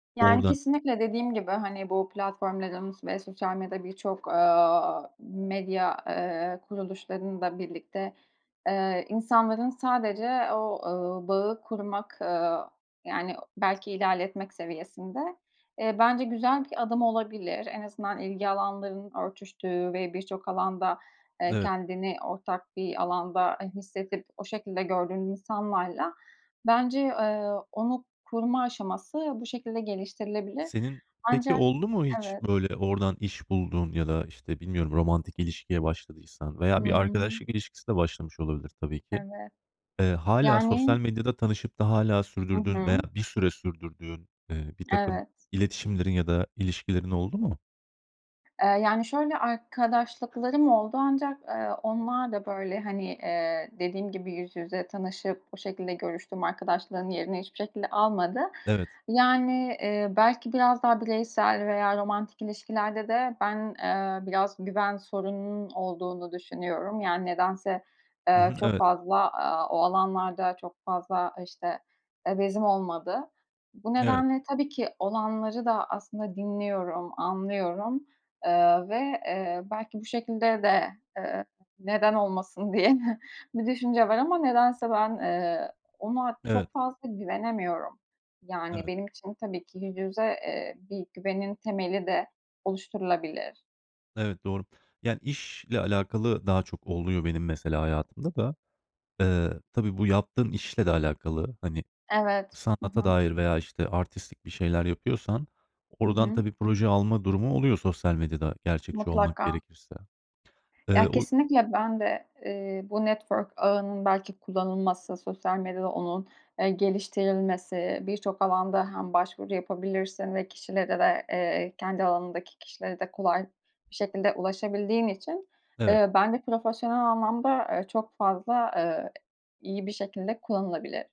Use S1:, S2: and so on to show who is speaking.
S1: Yani,
S2: Oradan.
S1: kesinlikle, dediğim gibi, hani, bu platformların ve sosyal medya, birçok, aaa, medya, ııı, kuruluşlarında birlikte, ııı, insanların sadece o, ııı, bağı kurmak, ııı, yani, belki ilerletmek seviyesinde, ııı, bence güzel bir adım olabilir. En azından ilgi alanların örtüştüğü ve birçok alanda, ııı,
S2: Evet.
S1: kendini ortak bir alanda, ııı, hissedip o şekilde gördüğün insanlarla bence, ııı, onu koruma aşaması bu şekilde geliştirilebilir.
S2: Senin peki
S1: Ancak
S2: oldu mu hiç
S1: Evet.
S2: böyle oradan iş bulduğun? Ya da, işte, bilmiyorum, romantik ilişkiye başladıysan
S1: Hı
S2: veya bir
S1: hı.
S2: arkadaşlık ilişkisi de başlamış olabilir tabii ki.
S1: Evet.
S2: Iıı, hâlâ sosyal
S1: Yani
S2: medyada tanışıp da hâlâ
S1: Hı
S2: sürdürdüğün veya
S1: hı.
S2: bir süre sürdürdüğün, ııı, birtakım
S1: Evet, evet.
S2: iletişimlerin ya da ilişkilerin oldu mu?
S1: Iıı, yani, şöyle, arkadaşlıklarım oldu ancak, aaa, onlar da, böyle, hani, ııı, dediğim gibi yüz yüze tanışıp o şekilde görüştüm, arkadaşlığın yerini hiçbir şekilde almadı.
S2: Evet.
S1: Yani, ııı, belki biraz daha bireysel veya romantik ilişkilerde de ben, ııı, biraz güven sorununun olduğunu düşünüyorum. Yani, nedense,
S2: Hı
S1: ııı,
S2: hı,
S1: çok
S2: evet.
S1: fazla, aaa, o alanlarda çok fazla, işte, eee, bezim olmadı. Bu
S2: Evet.
S1: nedenle tabii ki olanları da aslında dinliyorum, anlıyorum, ııı, ve, eee, belki bu şekilde de, ııı, "Neden olmasın?" diye de bir düşünce var ama nedense ben, ııı, ona
S2: Evet.
S1: çok fazla güvenemiyorum. Yani,
S2: Evet.
S1: benim için, tabii ki, yüz yüze, eee, bir güvenin temeli de oluşturulabilir.
S2: Evet, doğru. Yani, işle alakalı daha çok oluyor benim mesela hayatımda da. Iıı, tabii, bu yaptığın işle de alakalı, hani,
S1: Evet. Hı
S2: sanata
S1: hı.
S2: dair veya, işte, artistlik bir şeyler yapıyorsan
S1: Hı
S2: oradan
S1: hı.
S2: tabii proje alma durumu oluyor sosyal medyada. Gerçekçi olmak
S1: Mutlaka.
S2: gerekirse, ııı,
S1: Ya,
S2: o y
S1: kesinlikle, ben de, iii, bu network ağının belki kullanılması, sosyal medyada onun, eee, geliştirilmesi, birçok alanda hem başvuru yapabilirsin ve kişilere de eee, kendi alanındaki kişilere de kolay bir şekilde ulaşabildiğin için,
S2: Evet.
S1: ııı, ben de profesyonel anlamda, ııı, çok fazla, ııı, iyi bir şekilde kullanılabilir.